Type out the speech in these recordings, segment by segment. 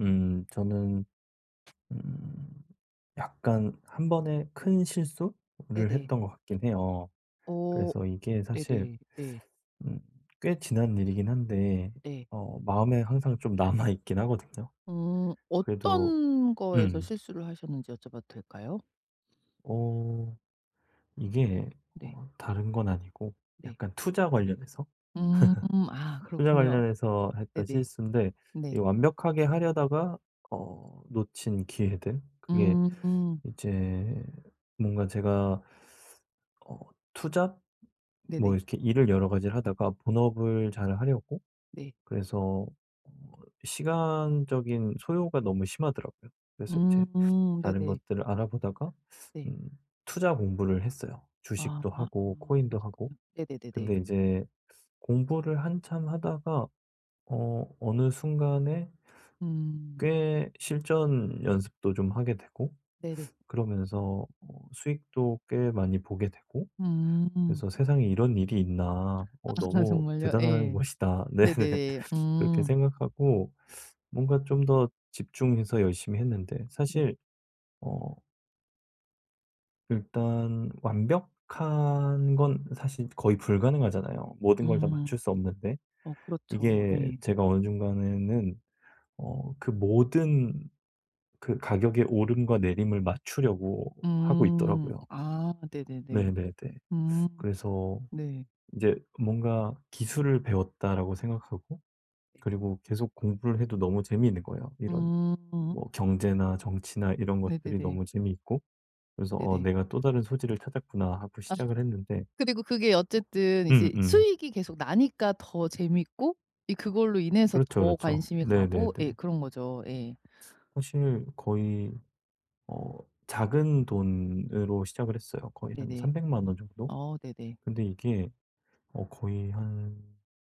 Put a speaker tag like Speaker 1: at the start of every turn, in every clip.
Speaker 1: 음. 저는 음 약간 1 번의 큰 실수를
Speaker 2: 네네.
Speaker 1: 했던 것 같긴 해요.
Speaker 2: 어.
Speaker 1: 그래서 이게 사실
Speaker 2: 네네. 네.
Speaker 1: 음 꽤 지난 일이긴 한데
Speaker 2: 네.
Speaker 1: 어 마음에 항상 좀 남아 있긴 하거든요.
Speaker 2: 음.
Speaker 1: 그래도
Speaker 2: 어떤 거에서
Speaker 1: 음.
Speaker 2: 실수를 하셨는지 여쭤봐도 될까요?
Speaker 1: 어 이게
Speaker 2: 네.
Speaker 1: 어 다른 건 아니고
Speaker 2: 네.
Speaker 1: 약간 투자 관련해서,
Speaker 2: 음. 아
Speaker 1: 투자
Speaker 2: 그렇군요.
Speaker 1: 관련해서 했던
Speaker 2: 네네.
Speaker 1: 실수인데
Speaker 2: 네.
Speaker 1: 이 완벽하게 하려다가 어 놓친 기회들 그게
Speaker 2: 음.
Speaker 1: 이제 뭔가 제가 어 투자 뭐
Speaker 2: 네네.
Speaker 1: 이렇게 일을 여러 가지를 하다가 본업을 잘 하려고
Speaker 2: 네.
Speaker 1: 그래서 어 시간적인 소요가 너무 심하더라고요. 그래서
Speaker 2: 음.
Speaker 1: 이제 다른
Speaker 2: 네네.
Speaker 1: 것들을 알아보다가
Speaker 2: 네.
Speaker 1: 음 투자 공부를 했어요
Speaker 2: 아.
Speaker 1: 주식도 하고
Speaker 2: 아
Speaker 1: 코인도 하고.
Speaker 2: 그랬군요.
Speaker 1: 근데
Speaker 2: 네네네네.
Speaker 1: 인제 공부를 한참 하다가 어 어느 순간에
Speaker 2: 음.
Speaker 1: 꽤 실전 연습도 좀 하게 되고
Speaker 2: 네네.
Speaker 1: 그러면서 어 수익도 꽤 많이 보게 되고
Speaker 2: 음.
Speaker 1: 그래서 '세상에 이런 일이 있나? 어
Speaker 2: 아
Speaker 1: 너무
Speaker 2: 정말요?
Speaker 1: 대단한
Speaker 2: 예.
Speaker 1: 것이다.' 네네.
Speaker 2: 네네네.
Speaker 1: 그렇게
Speaker 2: 음.
Speaker 1: 생각하고 뭔가 좀 더 집중해서 열심히 했는데 사실
Speaker 2: 네네.
Speaker 1: 어 일단 완벽한 건 사실 거의 불가능하잖아요 모든 걸 다 맞출
Speaker 2: 음.
Speaker 1: 수 없는데.
Speaker 2: 어 그렇죠.
Speaker 1: 이게
Speaker 2: 예.
Speaker 1: 제가 어느 중간에는 어 그 모든 그 가격의 오름과 내림을 맞추려고 하고
Speaker 2: 음.
Speaker 1: 있더라고요.
Speaker 2: 아 네네네.
Speaker 1: 네네네.
Speaker 2: 음.
Speaker 1: 그래서
Speaker 2: 네.
Speaker 1: 인제 뭔가 '기술을 배웠다.'라고 생각하고
Speaker 2: 네.
Speaker 1: 그리고 계속 공부를 해도 너무 재미있는 거예요. 이런
Speaker 2: 음.
Speaker 1: 뭐 경제나 정치나 이런 것들이
Speaker 2: 네네네.
Speaker 1: 너무 재미있고 그래서 '어
Speaker 2: 네네.
Speaker 1: 내가 또 다른 소질을 찾았구나.' 하고
Speaker 2: 아
Speaker 1: 시작을 했는데
Speaker 2: 그리고 그게 어쨌든 이제
Speaker 1: 음음.
Speaker 2: 수익이 계속 나니까 더 재밌고 이 그걸로 인해서
Speaker 1: 그렇죠,
Speaker 2: 더
Speaker 1: 그렇죠.
Speaker 2: 관심이 가고 예
Speaker 1: 네네네.
Speaker 2: 그런 거죠. 예.
Speaker 1: 사실 거의 어 작은 돈으로 시작을 했어요 거의 한
Speaker 2: 네네.
Speaker 1: 3,000,000 원 정도.
Speaker 2: 어 네네.
Speaker 1: 근데 이게 어 거의 한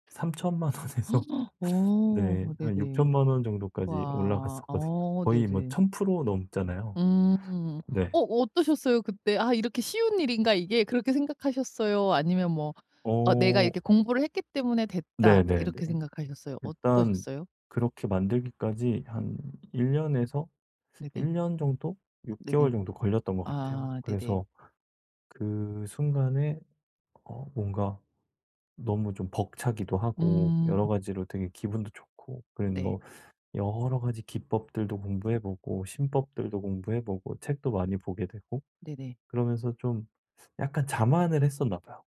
Speaker 1: 30,000,000 원에서
Speaker 2: 어
Speaker 1: 네 한
Speaker 2: 네네.
Speaker 1: 60,000,000 원 정도까지
Speaker 2: 와.
Speaker 1: 올라갔었거든요.
Speaker 2: 어
Speaker 1: 거의 뭐
Speaker 2: 네네.
Speaker 1: 1000% 넘잖아요.
Speaker 2: 음.
Speaker 1: 네.
Speaker 2: 어 어떠셨어요 그때? '이렇게 쉬운 일인가 이게?' 그렇게 생각하셨어요? 아니면 뭐 '어 내가
Speaker 1: 어.
Speaker 2: 공부를 했기 때문에 됐다.'
Speaker 1: 네네네.
Speaker 2: 이렇게 생각하셨어요?
Speaker 1: 일단
Speaker 2: 어떠셨어요?
Speaker 1: 그렇게 만들기까지 한 1 년에서
Speaker 2: 네네.
Speaker 1: 1 년 정도, 6
Speaker 2: 네네.
Speaker 1: 개월 정도 걸렸던 것 같아요.
Speaker 2: 아 네네.
Speaker 1: 그래서 그 순간에 어 뭔가 너무 좀 벅차기도 하고
Speaker 2: 음.
Speaker 1: 여러 가지로 되게 기분도 좋고 그리고
Speaker 2: 네.
Speaker 1: 뭐 여러 가지 기법들도 공부해 보고 신법들도 공부해 보고 책도 많이 보게 되고
Speaker 2: 네네.
Speaker 1: 그러면서 좀 약간 자만을 했었나 봐요.